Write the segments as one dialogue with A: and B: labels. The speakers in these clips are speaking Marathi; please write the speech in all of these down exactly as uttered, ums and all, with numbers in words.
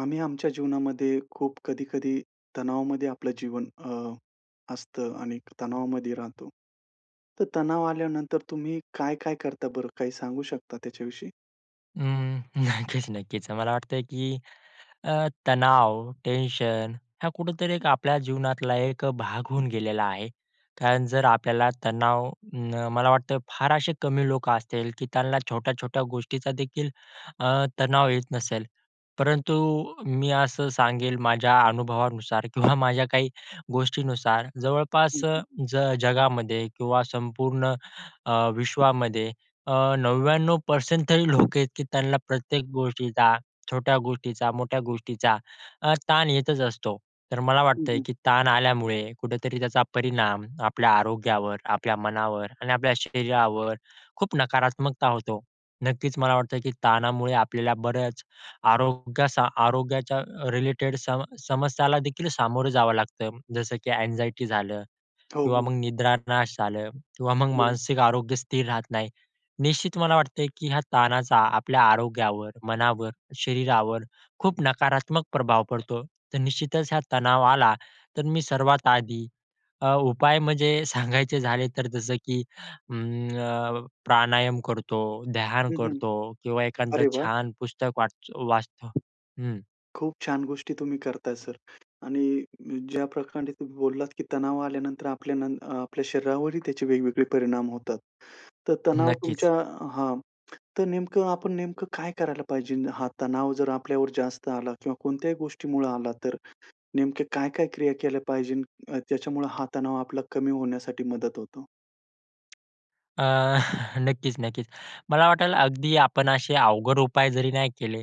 A: आम्ही आमच्या जीवनामध्ये खूप कधी-कधी तणावामध्ये आपलं जीवन अ, असतं आणि तणावामध्ये राहतो. तर तणाव आल्यानंतर तुम्ही काय-काय करता बरं? काही सांगू शकता त्याच्याविषयी?
B: अ, नक्कीच, नक्कीच. मला वाटतं, की अ, तणाव, टेन्शन हा कुठेतरी एक आपल्या जीवनातला एक भाग होऊन गेलेला आहे. कारण जर आपल्याला तणाव मला वाटतं फार असे कमी लोकं असतील, की त्यांना छोट्या-छोट्या गोष्टीचादेखील अ, तणाव येत नसेल. परंतु मी असं सांगेल माझ्या अनुभवानुसार किंवा माझ्या काही गोष्टीनुसार.
A: हं,
B: जवळपास अ,
A: हं.
B: ज जगामध्ये किंवा संपूर्ण अ, विश्वामध्ये अ, 99% तरी लोकं आहेत, की त्यांना प्रत्येक गोष्टीचा छोट्या गोष्टीचा मोठ्या गोष्टीचा, अ, ताण येतच असतो. तर मला
A: हं,
B: वाटतंय,
A: हं.
B: की ताण आल्यामुळे कुठेतरी त्याचा परिणाम आपल्या आरोग्यावर आपल्या मनावर आणि आपल्या शरीरावर खूप नकारात्मकता होतो. नक्कीच मला वाटतं, की ताणामुळे आपल्याला बरच, आरोग्या आरोग्याच्या रिलेटेड सम समस्यालादेखील सामोरं जावं लागतं. जसं की एन्झायटी झालं
A: हो,
B: किंवा
A: हो.
B: मग निद्रानाश झालं किंवा मग
A: हं.
B: मानसिक आरोग्य स्थिर राहत नाही. निश्चित मला वाटतते, की ह्या ताणाचा आपल्या आरोग्यावर, मनावर, शरीरावर खूप नकारात्मक प्रभाव पडतो. तर निश्चितच हा तणाव आला तर मी सर्वात आधी अ, उपाय म्हणजे सांगायचे झाले तर जसं की अं, प्राणायाम करतो, ध्यान
A: हं, हं.
B: करतो किंवा एखांद
A: अरे वाह!
B: छान पुस्तक वाच वाचतो, हं.
A: खूप छान गोष्टी तुम्ही करताय सर आणि ज्या प्रकांडे तुम्ही बोललात, की तणाव आल्यानंतर आपल्या न अ, आपल्या शरीरावरही त्याचे वेगवेगळे परिणाम होतात. तर तणाव
B: नक्कीच.
A: तुमच्या हां, तर नेमकं आपण नेमकं काय करायला पाहिजे? हा तणाव जर आपल्यावर जास्त आला किंवा कोणत्याही गोष्टीमुळे आला तर नेमके काय-काय क्रिया केल्या पाहिजे? त्याच्यामुळे हा तणाव आपला कमी होण्यासाठी मदत होतो?
B: अ, नक्कीच नक्कीच. मला वाटलं, अगदी आपण असे अवघड उपाय जरी नाही केले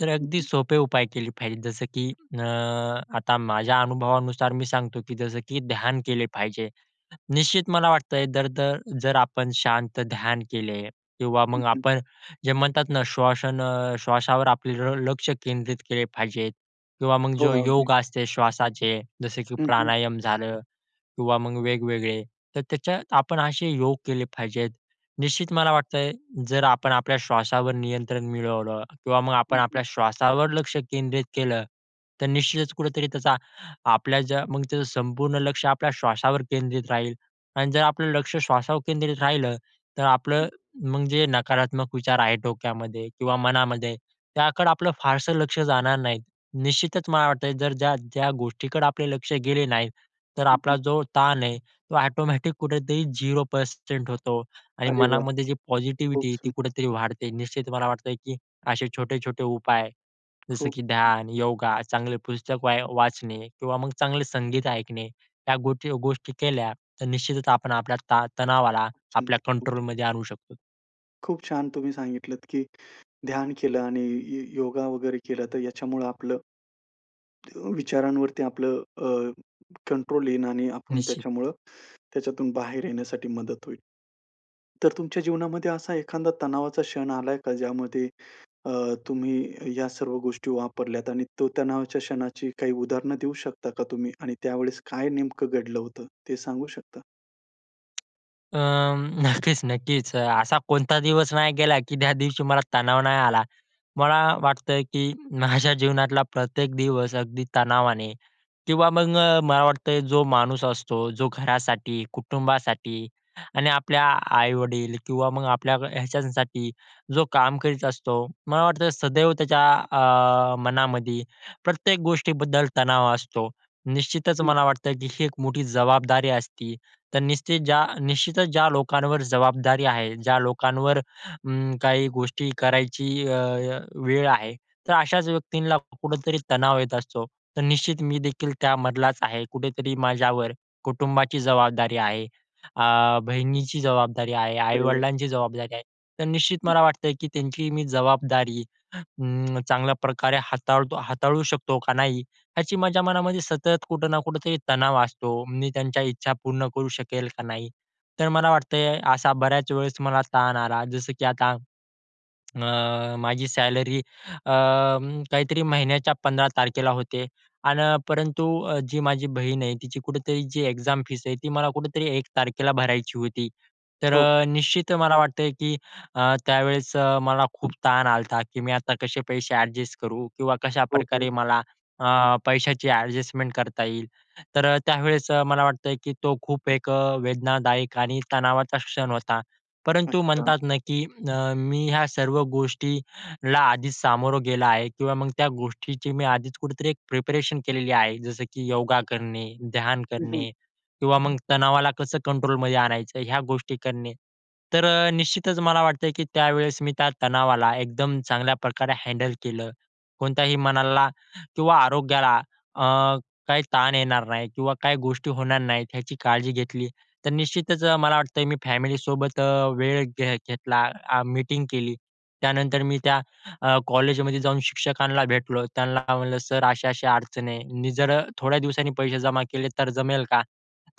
B: तर
A: हं,
B: अगदी
A: हं.
B: सोपे उपाय केले पाहिजे. जसं की अ, आता माझ्या अनुभवानुसार मी सांगतो, की जसं की ध्यान केले पाहिजे. निश्चित मला वाटतं, दर-दर जर आपण शांत ध्यान केले किंवा
A: हं,
B: मग
A: हं.
B: आपण जे म्हणतात ना, श्वास श्वासावर आपले ल लक्ष केंद्रित केले पाहिजे किंवा मग
A: हो,
B: जो
A: अगदी.
B: योग असते श्वासाचे जसं, की
A: हं, हं.
B: प्राणायाम झालं किंवा मग वेगवेगळे तर त्याच्यात आपण असे योग केले पाहिजेत. निश्चित मला वाटतंय, जर आपण आपल्या श्वासावर नियंत्रण मिळवलं किंवा मग आपण
A: हं, हं.
B: आपल्या श्वासावर लक्ष केंद्रित केलं, तर निश्चितच कुठेतरी त्याचा आपल्या ज्या मग त्याचं संपूर्ण लक्ष आपल्या श्वासावर केंद्रित राहील अन् जर आपलं लक्ष श्वासावर केंद्रित राहिलं तर आपलं मग जे नकारात्मक विचार आहे डोक्यामध्ये किंवा मनामध्ये, त्याकडे आपलं फारसं लक्ष जाणार नाही. निश्चितच मला वाटत, जर ज्या ज्या गोष्टीकडे आपले लक्ष गेले नाही तर
A: हं,
B: आपला
A: हं.
B: जो ताण आहे तो ऑटोमॅटिक कुठेतरी झेरो पर्सेंट होतो आणि
A: अरे वाह!
B: मनामध्ये जी
A: खूप
B: पॉझिटिव्हिटी आहे
A: सुं
B: ती कुठेतरी वाढते. निश्चित मला वाटत की असे छोटे-छोटे उपाय, जसं
A: खूप
B: की ध्यान, योगा, चांगली पुस्तक वाय वाचणे किंवा मग चांगले संगीत ऐकणे या गोष्टी गोष्टी केल्या तर निश्चितच आपण आपल्या ता तणावाला
A: खूप
B: आपल्या
A: सुंदर, खूप सुंदर.
B: कंट्रोलमध्ये आणू शकतो.
A: खूप छान तुम्ही सांगितलत की ध्यान केलं आणि य योगा वगैरे केला तर याच्यामुळं आपलं अ, विचारांवरती आपलं अ, कंट्रोल येईन आणि आपण
B: निश्चित.
A: त्याच्यामुळं त्याच्यातून बाहेर येण्यासाठी मदत होईल. तर तुमच्या जीवनामध्ये असा एखांदा तणावाचा क्षण आला आहे का? ज्यामध्ये अ, तुम्ही या सर्व गोष्टी वापरल्यात आणि तो तणावाच्या क्षणाची काही उदाहरण देऊ शकता का तुम्ही? आणि त्यावेळेस काय नेमकं घडलं होतं ते सांगू शकता?
B: अ, नक्कीच, नक्कीच. अ, असा कोणता दिवस नाही गेला, की त्या दिवशी मला तणाव नाही आला, मला वाटतं, की माझ्या जीवनातला प्रत्येक दिवस अगदी तणावाने किंवा मग मला वाटतं जो माणूस असतो जो घरासाठी, कुटुंबासाठी आणि आपल्या आ आई-वडील किंवा मग आपल्या ह्याच्यासाठी, जो काम करीत असतो. मला वाटतं सदैव त्याच्या अ, मनामध्ये प्रत्येक गोष्टीबद्दल तणाव असतो. निश्चितच
A: हं.
B: मला वाटतं, की ही एक मोठी जबाबदारी असती तर निश्चित ज्या निश्चितच ज्या लोकांवर जबाबदारी आहे, ज्या लोकांवर अं, काही गोष्टी करायची अ, अ, वेळ आहे. तर अशाच व्यक्तींना कुठेतरी तणाव येत असतो. तर निश्चित मी देखील त्यामधलाच आहे, कुठेतरी माझ्यावर कुटुंबाची जबाबदारी आहे, अ, बहिणीची जबाबदारी आहे,
A: अरे वाह!
B: आई-वडिलांची जबाबदारी आहे. तर निश्चित
A: हं,
B: मला
A: हं.
B: वाटतंय, की त्यांची मी जबाबदारी अ, चांगल्या प्रकारे हाताळतो हाताळू शकतो का नाही? याची माझ्या मनामध्ये सतत कुठं ना कुठेतरी तणाव असतो. मी त्यांच्या इच्छा पूर्ण करू शकेल का नाही? तर मला वाटतंय असा बऱ्याच वेळेस मला ताण आला जसं, की आता अ, माझी सॅलरी अ, काहीतरी महिन्याच्या पंधरा तारखेला होते आन परंतु जी माझी बहीण आहे, तिची कुठेतरी जी एक्झाम फीस आहे ती मला कुठेतरी एक तारखेला भरायची होती. तर
A: हो.
B: अ, निश्चित मला वाटते, की अ, त्यावेळेस अ, मला खूप ताण आलता, की मी आता कसे पैसे ॲडजस्ट करू? किंवा
A: हो, हो.
B: कशाप्रकारे मला अ, पैशाची ॲडजस्टमेंट करता येईल. तर अ, त्यावेळेस अ, मला वाटतंय, की तो खूप एक अ, वेदनादायक आणि तणावाचा क्षण होता. परंतु
A: अच्छा.
B: म्हणतात ना, की अ, मी ह्या सर्व गोष्टीला आधीच सामोरे गेला आहे किंवा मग त्या गोष्टीची मी आधीच कुठेतरी प्रिपरेशन केलेली आहे. जसं, की योगा करणे, ध्यान
A: हं, हं.
B: करणे किंवा मग तणावाला कसं कंट्रोलमध्ये आणायचं? ह्या गोष्टी करणे. तर अ, निश्चितच मला वाटतं, की त्यावेळेस मी त्या तणावाला एकदम चांगल्या प्रकारे हँडल केलं कोणत्याही मनाला किंवा आरोग्याला अ, काही ताण येणार नाही किंवा काही गोष्टी होणार नाहीत याची काळजी घेतली तर निश्चितच मला वाटतं मी फॅमिलीसोबत अ, वेळ घे घेतला, अ, मीटिंग केली त्यानंतर मी त्या अ, कॉलेजमध्ये जाऊन शिक्षकांला भेटतो, त्यांना का म्हंटलं, "सर, अशा-अशा अडचण आहे. मी जर थोड्या दिवसांनी पैसे जमा केले तर जमेल का?"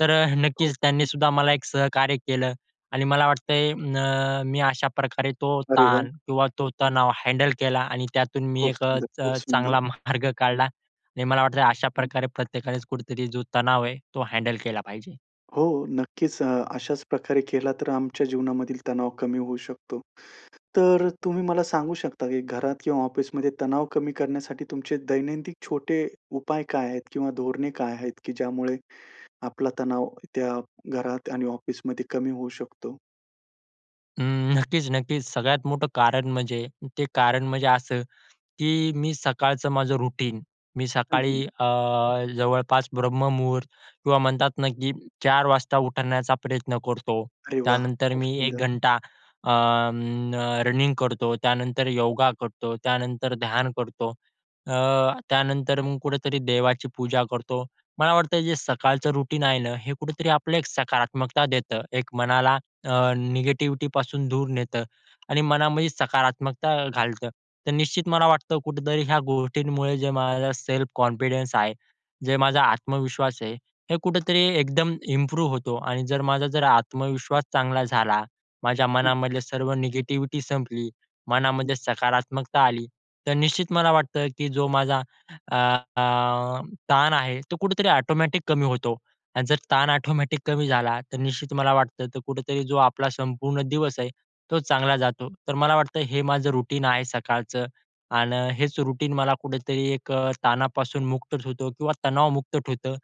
B: तर अ,
A: हो,
B: नक्कीच त्यांनी
A: हं.
B: सुद्धा मला एक सहकार्य केलं आणि मला वाटतंय अ, मी अशा प्रकारे तो
A: अरे वाह!
B: ताण किंवा तो तणाव हँडल केला आणि त्यातून मी
A: खूप सुंदर,
B: एकच
A: खूप सुंदर.
B: चांगला मार्ग काढला आणि मला वाटतंय अशा
A: हं
B: प्रकारे प्रत्येकानेच कुठेतरी जो तणाव आहे तो हँडल केला पाहिजे.
A: हो, नक्कीच. अ, अशाचं प्रकारे केला तर आमच्या जीवनामधील तणाव कमी होऊ शकतो. तर तुम्ही मला सांगू शकता, की घरात किंवा ऑफिसमध्ये तणाव कमी करण्यासाठी तुमचे दैनंदिन छोटे उपाय काय आहेत? किंवा धोरणे काय आहेत? की ज्यामुळे आपला तणाव त्या घरात आणि ऑफिसमध्ये कमी होऊ शकतो?
B: अं, नक्कीच, नक्कीच. सगळ्यात मोठं कारण म्हणजे ते कारण म्हणजे असं, की मी सकाळचं माझं रुटीन मी
A: हं, हं.
B: सकाळी अ, जवळपास ब्रह्ममुहूर्त किंवा म्हणतात ना, की चार वाजता उठवण्याचा प्रयत्न करतो.
A: अरे वाह!
B: त्यानंतर
A: खूप
B: मी एक
A: सुंदर.
B: घंटा अ, अं, रनिंग करतो, त्यानंतर योगा करतो, त्यानंतर ध्यान करतो, अ, त्यानंतर मग कुठेतरी देवाची पूजा करतो. मला वाटतं जे सकाळचं रुटीन आहे ना, हे कुठेतरी आपलं एक सकारात्मकता देतं. एक मनाला अ, निगेटिव्हिटीपासून दूर नेत आणि मनामध्ये सकारात्मकता घालतं. तर निश्चित मला वाटतं कुठेतरी ह्या गोष्टींमुळे जे माझा सेल्फ कॉन्फिडन्स आहे. जे माझा आत्मविश्वास आहे. हे कुठेतरी एकदम इम्प्रूव्ह होतो आणि जर माझा जर आत्मविश्वास चांगला झाला, माझ्या मनामधले सर्व निगेटिव्हिटी संपली, मनामध्ये सकारात्मकता आली तर निश्चित मला वाटतं, की जो माझा अ, अ, ताण आहे तो, कुठेतरी ॲटोमॅटिक कमी होतो आणि जर ताण ॲटोमॅटिक कमी झाला तर निश्चित मला वाटतं तो कुठेतरी जो आपला संपूर्ण दिवस आहे, तो चांगला जातो. तर मला वाटतं हे माझं रुटीन आहे सकाळचं आन् हेच रुटीन मला कुठेतरी एक अ, ताणापासून मुक्त ठेवतो किंवा तणावमुक्त ठेवतं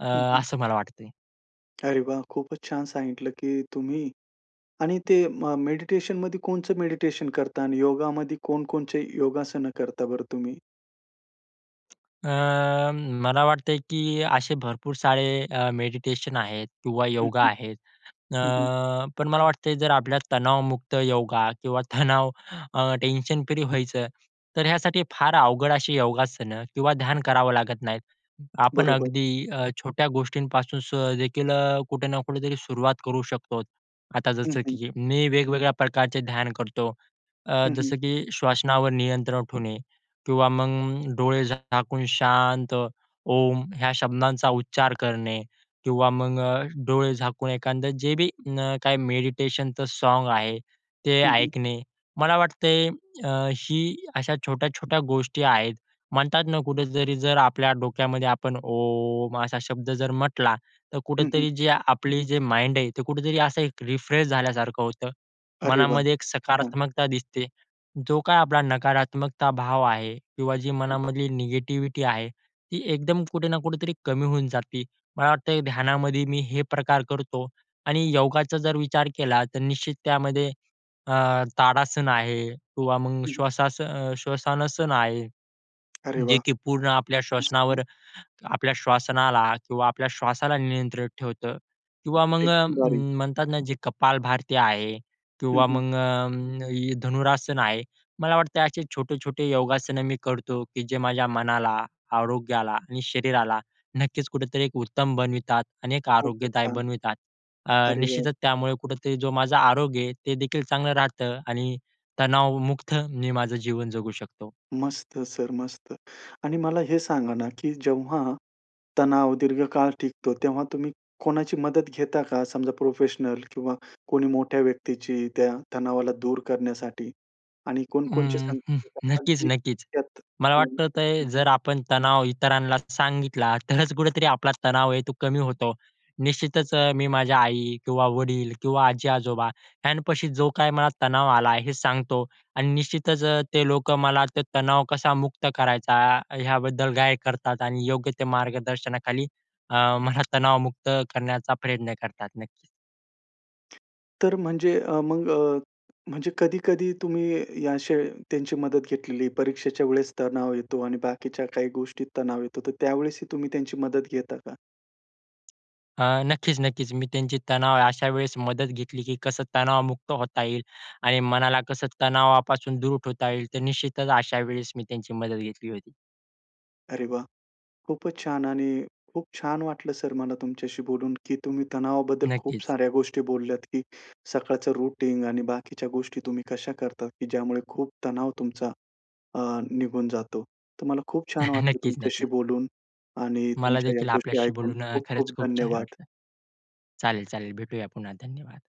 B: अ,
A: हं, हं.
B: असं मला वाटतंय.
A: अरे वाह! खूपच छान सांगितलं, की तुम्ही. आणि ते म मेडिटेशनमध्ये कोणचं मेडिटेशन करता? आणि योगामध्ये कोणचे योगासन करता बरं तुम्ही?
B: अ, मला वाटतं, की असे भरपूर सारे अ, मेडिटेशन आहेत किंवा
A: हं,
B: योगा
A: हं.
B: आहेत. अ,
A: हं, हं.
B: पण मला वाटतं जर आपल्या तणावमुक्त योगा किंवा तणाव अ, टेन्शन फ्री व्हायचं, तर ह्यासाठी फार अवघड अशी योगासनं किंवा ध्यान करावं लागत नाहीत. आपण
A: बरोबर.
B: अगदी अ, छोट्या गोष्टींपासून स देखील अ, कुठे ना कुठे तरी सुरुवात करू शकतो. आता
A: हं,
B: जसं
A: हं.
B: की मी वेगवेगळ्या प्रकारचे ध्यान करतो. अ,
A: हं, हं.
B: जसं की श्वासनावर नियंत्रण ठेवणे किंवा मग डोळे झाकून शांत ओम ह्या शब्दांचा उच्चार करणे किंवा मग अ, डोळे झाकून एखादं जे बी काय मेडिटेशनचं साँग आहे ते
A: हं, हं.
B: ऐकणे. मला वाटते अ, ही, अशा छोट्या-छोट्या गोष्टी आहेत. म्हणतात ना कुठेतरी जर आपल्या डोक्यामध्ये आपण ओम असा शब्द जर म्हटला. तर
A: हं, हं.
B: कुठेतरी जी आपली जे माइंड आहे ते कुठेतरी असं एक रिफ्रेश झाल्यासारखं होतं.
A: अरे वाह!
B: मनामध्ये एक
A: छान.
B: सकारात्मकता दिसते. जो काही आपला नकारात्मकता भाव आहे किंवा जी
A: हं.
B: मनामधली निगेटिव्हिटी आहे, ती एकदम कुठे ना कुठेतरी कमी होऊन जाते. मला वाटतं ध्यानामध्ये मी हे प्रकार करतो. आणि योगाचा जर विचार केला तर निश्चित त्यामध्ये अ, ताडासन आहे किंवा मग
A: हं, हं.
B: श्वासान श्वसनसण आहे.
A: अरे
B: जे
A: वाह!
B: की पूर्ण आपल्या
A: असं का.
B: श्वसनावर आपल्या श्वासनाला किंवा आपल्या श्वासाला नियंत्रित ठेवतं. किंवा मग अ,
A: एकदम भारी.
B: म्हणतात ना जे कपाल भारती आहे
A: हं,
B: किंवा
A: हं.
B: मग अ, धनुरासन आहे. मला वाटतं असे छोटे-छोटे योगासनं मी करतो, की जे माझ्या मनाला, आरोग्याला आणि शरीराला नक्कीच कुठेतरी एक उत्तम बनवितात आणि एक
A: खूपच
B: आरोग्यदायी
A: छान.
B: बनवितात. अ,
A: अरे वाह!
B: निश्चितच त्यामुळे कुठेतरी जो माझा आरोग्य आहे, ते देखील चांगलं राहतं आणि तणावमुक्त मी माझं जीवन जगू शकतो.
A: मस्त सर मस्त. आणि मला हे सांगा ना, की जेव्हा, तणाव दीर्घकाळ टिकतो तेव्हा तुम्ही कोणाची मदत घेता का? समजा प्रोफेशनल किंवा कोणी मोठ्या व्यक्तीची त्या तणावाला दूर करण्यासाठी आणि कोणच्या
B: अं,
A: संग
B: हं.
A: [unintelligible]
B: नक्कीच,
A: अगदी
B: नक्कीच.
A: त्यात
B: मला वाटतं ते
A: [unintelligible]
B: जर आपण तणाव इतरांना सांगितला तरच कुठेतरी आपला तणाव आहे तो कमी होतो. निश्चितच मी माझ्या आई किंवा वडील किंवा आजी-आजोबा यांच्यापाशी जो काही मला तणाव आला हे सांगतो आणि निश्चितच अ, ते लोक मला तणाव कसा मुक्त करायचा, ह्याबद्दल गाई करतात आणि योग्य ते मार्गदर्शनाखाली अ, मला तणावमुक्त करण्याचा प्रयत्न करतात नक्कीच.
A: तर म्हणजे अ, मग अ, म्हणजे कधी-कधी तुम्ही अशी त्यांची मदत घेतलेली परीक्षेच्या वेळेस तणाव येतो आणि बाकीच्या काही गोष्टी तणाव येतो. तर त्यावेळेस ही तुम्ही त्यांची मदत घेता का?
B: अ, नक्कीच, नक्कीच. मी त्यांची तणाव अशा वेळेस मदत घेतली, की कसं तणावमुक्त होता येईल आणि मनाला कसं तणावापासून दूर ठेवता येईल. तर निश्चितच अशा वेळेस मी त्यांची मदत घेतली होती.
A: अरे वाह! खूपच छान आणि खूप छान वाटलं सर मला तुमच्याशी बोलून, की तुम्ही तणावाबद्दल खूप
B: नक्कीच.
A: साऱ्या गोष्टी बोलल्यात, की सकाळचं रूटीन आणि बाकीच्या गोष्टी तुम्ही कशा करता, की ज्यामुळे खूप तणाव तुमचा, अ, निघून जातो. तर मला खूप छान वाटलं
B: नक्कीच,
A: तुमच्याशी
B: नक्कीच.
A: बोलून आणि
B: मला
A: तुमच्या ह्या
B: देखील
A: गोष्टी
B: आपल्याशी
A: ऐकून
B: बोलून अ, खरंच
A: खूप-खूप
B: खूप छान
A: धन्यवाद.
B: वाटलं. चालेल-चालेल भेटूया पुन्हा धन्यवाद.